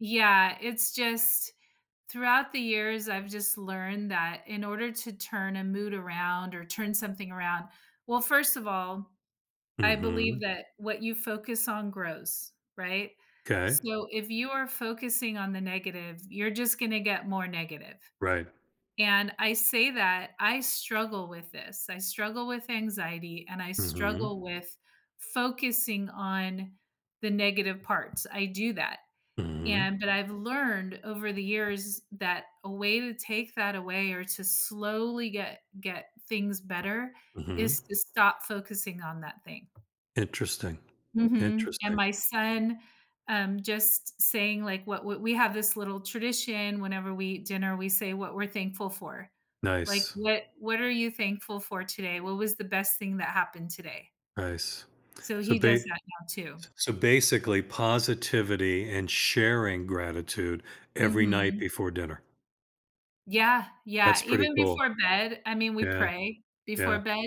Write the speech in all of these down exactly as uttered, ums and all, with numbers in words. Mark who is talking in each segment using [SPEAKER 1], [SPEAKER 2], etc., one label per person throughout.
[SPEAKER 1] Yeah, it's just throughout the years, I've just learned that in order to turn a mood around or turn something around Well, first of all, I believe
[SPEAKER 2] Mhm.
[SPEAKER 1] that what you focus on grows, right?
[SPEAKER 2] 'Kay.
[SPEAKER 1] So, if you are focusing on the negative, you're just gonna get more negative.
[SPEAKER 2] Right.
[SPEAKER 1] And I say that I struggle with this, I struggle with anxiety, and I
[SPEAKER 2] Mhm.
[SPEAKER 1] struggle with focusing on the negative parts, I do that.
[SPEAKER 2] Mhm.
[SPEAKER 1] And but I've learned over the years that a way to take that away, or to slowly get get things better
[SPEAKER 2] Mhm.
[SPEAKER 1] is to stop focusing on that thing.
[SPEAKER 2] Interesting.
[SPEAKER 1] Mhm, and
[SPEAKER 2] Interesting.
[SPEAKER 1] my son um, just saying, like, what what we have this little tradition whenever we eat dinner, we say what we're thankful for. Like,
[SPEAKER 2] Nice.
[SPEAKER 1] "What what are you thankful for today? What was the best thing that happened today?"
[SPEAKER 2] Nice.
[SPEAKER 1] So,
[SPEAKER 2] So,
[SPEAKER 1] he does
[SPEAKER 2] bay
[SPEAKER 1] that now too.
[SPEAKER 2] s so basically, positivity, and sharing gratitude every night
[SPEAKER 1] Mhm.
[SPEAKER 2] before dinner.
[SPEAKER 1] Yeah, yeah,
[SPEAKER 2] That's pretty
[SPEAKER 1] even
[SPEAKER 2] cool.
[SPEAKER 1] before bed, I mean, we
[SPEAKER 2] Yeah.
[SPEAKER 1] pray
[SPEAKER 2] Yeah.
[SPEAKER 1] before bed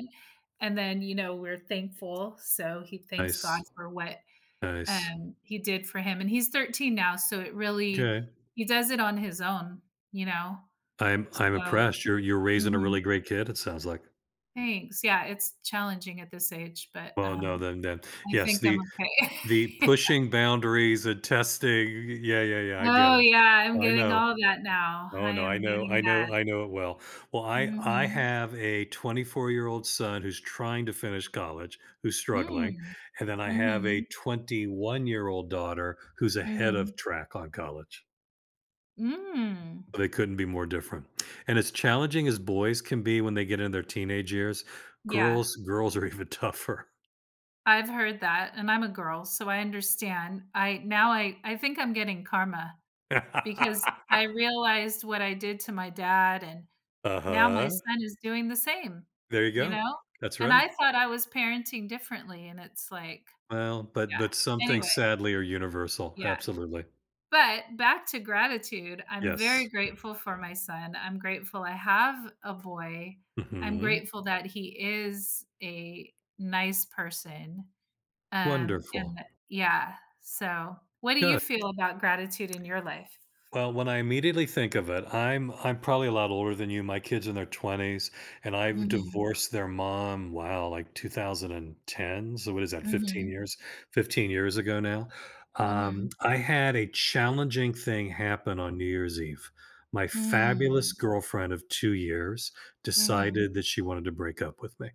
[SPEAKER 1] and then, you know, we're thankful, so, he thanks God
[SPEAKER 2] Nice.
[SPEAKER 1] for what,
[SPEAKER 2] Nice.
[SPEAKER 1] um, He did for him. And he's thirteen now, so it really
[SPEAKER 2] 'Kay.
[SPEAKER 1] he does it on his own, you know?
[SPEAKER 2] I'm I'm
[SPEAKER 1] So
[SPEAKER 2] impressed, you're you're raising a
[SPEAKER 1] Mhm.
[SPEAKER 2] really great kid it sounds like.
[SPEAKER 1] Thanks, yeah, it's challenging at this age, but,
[SPEAKER 2] Well, no,
[SPEAKER 1] um,
[SPEAKER 2] then then
[SPEAKER 1] I
[SPEAKER 2] Yes,
[SPEAKER 1] think I'm
[SPEAKER 2] the
[SPEAKER 1] okay.
[SPEAKER 2] the
[SPEAKER 1] Yeah.
[SPEAKER 2] pushing boundaries and testing, y y yeah, yeah, yeah, I get
[SPEAKER 1] Oh,
[SPEAKER 2] it.
[SPEAKER 1] yeah. I'm
[SPEAKER 2] I
[SPEAKER 1] getting
[SPEAKER 2] know.
[SPEAKER 1] all that now.
[SPEAKER 2] Oh
[SPEAKER 1] I
[SPEAKER 2] no, I
[SPEAKER 1] am
[SPEAKER 2] know
[SPEAKER 1] getting
[SPEAKER 2] I
[SPEAKER 1] that.
[SPEAKER 2] know I know it well. Well, I I
[SPEAKER 1] Mhm.
[SPEAKER 2] have a twenty-four-year-old son who's trying to finish college, who's struggling,
[SPEAKER 1] Mm,
[SPEAKER 2] and then I have a
[SPEAKER 1] mhm.
[SPEAKER 2] twenty-one-year-old daughter who's ahead of
[SPEAKER 1] Mhm.
[SPEAKER 2] track on college.
[SPEAKER 1] Mm.
[SPEAKER 2] They couldn't be more different. And as challenging as boys can be when they get in their teenage years,
[SPEAKER 1] Yeah.
[SPEAKER 2] girls girls are even tougher.
[SPEAKER 1] I've heard that and I'm a girl, so I understand. I now I I think I'm getting karma because I realized what I did to my dad, and now my
[SPEAKER 2] Uh-huh.
[SPEAKER 1] son is doing the same,
[SPEAKER 2] There you
[SPEAKER 1] you
[SPEAKER 2] go,
[SPEAKER 1] know?
[SPEAKER 2] that's
[SPEAKER 1] And
[SPEAKER 2] right.
[SPEAKER 1] I thought I was parenting differently and it's like
[SPEAKER 2] Well, but
[SPEAKER 1] Yeah,
[SPEAKER 2] but some things
[SPEAKER 1] anyway.
[SPEAKER 2] sadly are universal,
[SPEAKER 1] Yeah.
[SPEAKER 2] absolutely.
[SPEAKER 1] But back to gratitude, I'm very
[SPEAKER 2] Yes.
[SPEAKER 1] grateful for my son, I'm grateful I have a boy. I'm
[SPEAKER 2] Mhm.
[SPEAKER 1] grateful that he is a nice person, um,
[SPEAKER 2] Wonderful.
[SPEAKER 1] and yeah, so What do you
[SPEAKER 2] Good.
[SPEAKER 1] feel about gratitude in your life?
[SPEAKER 2] Well, when I immediately think of it, I'm I'm probably a lot older than you, my kid's in their twenties, and I've
[SPEAKER 1] Mhm.
[SPEAKER 2] divorced their mom, wow, like, two thousand and ten? So, what is that, fifteen
[SPEAKER 1] Mhm.
[SPEAKER 2] years fifteen years ago now? Um,
[SPEAKER 1] Mhm.
[SPEAKER 2] I had a challenging thing happen on New Year's Eve. My fabulous
[SPEAKER 1] Mm.
[SPEAKER 2] girlfriend of two years
[SPEAKER 1] Mhm.
[SPEAKER 2] decided that she wanted to break up with me.